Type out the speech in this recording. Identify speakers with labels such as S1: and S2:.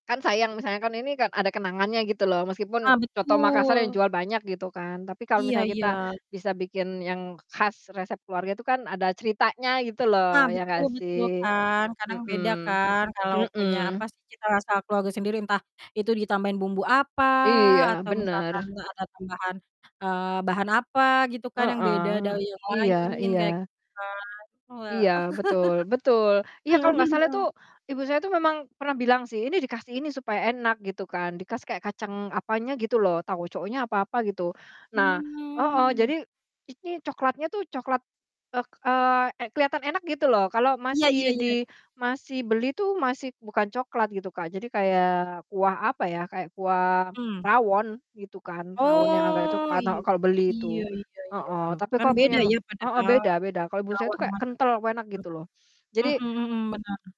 S1: Kan sayang misalnya kan ini kan ada kenangannya gitu loh,
S2: Ah,
S1: meskipun coto Makassar yang
S2: betul.
S1: jual banyak gitu kan. Tapi kalau
S2: Iya
S1: misalnya kita
S2: iya.
S1: bisa bikin yang khas resep keluarga itu kan ada ceritanya gitu
S2: Ah,
S1: loh, ya
S2: betul
S1: gak
S2: betul
S1: sih?
S2: kan kadang beda
S1: Mhm,
S2: kan kalau punya, apa
S1: mhm.
S2: sih, cita rasa keluarga sendiri entah itu ditambahin bumbu apa,
S1: Iya,
S2: atau
S1: bener.
S2: misalkan, eee, ada tambahan, eee, bahan apa gitu kan yang beda dari
S1: Heeh,
S2: yang
S1: iya
S2: lain, kayak
S1: iya.
S2: gitu kan, Wah.
S1: Iya, betul betul, iya
S2: Heeh
S1: kalau
S2: heeh
S1: nggak salah tuh
S2: heeh.
S1: Ibu saya tuh memang pernah bilang sih, "Ini dikasih ini supaya enak," gitu kan, dikasih kayak kacang apanya gitu loh tauconya apa apa gitu. Nah heeh,
S2: Hmm.
S1: jadi ini coklatnya tuh coklat, eee eee, keliatan enak gitu loh, kalau
S2: Iya iya
S1: masih di
S2: iya.
S1: masih beli tuh masih bukan coklat gitu, Kak, jadi kayak kuah apa ya, kayak kuah
S2: Hmm.
S1: rawon gitu kan, rawon yang agak
S2: Oh,
S1: coklat
S2: i
S1: o kalau beli
S2: iya
S1: itu,
S2: iya iya,
S1: heeh, tapi
S2: kan
S1: kalau punya
S2: beda
S1: ma
S2: ya
S1: heeh,
S2: padahal
S1: beda beda kalau buat saya itu
S2: rawon
S1: kayak
S2: masak-masak
S1: kental wuenak gitu loh.
S2: terus.
S1: Jadi
S2: Mhm mhm, bener.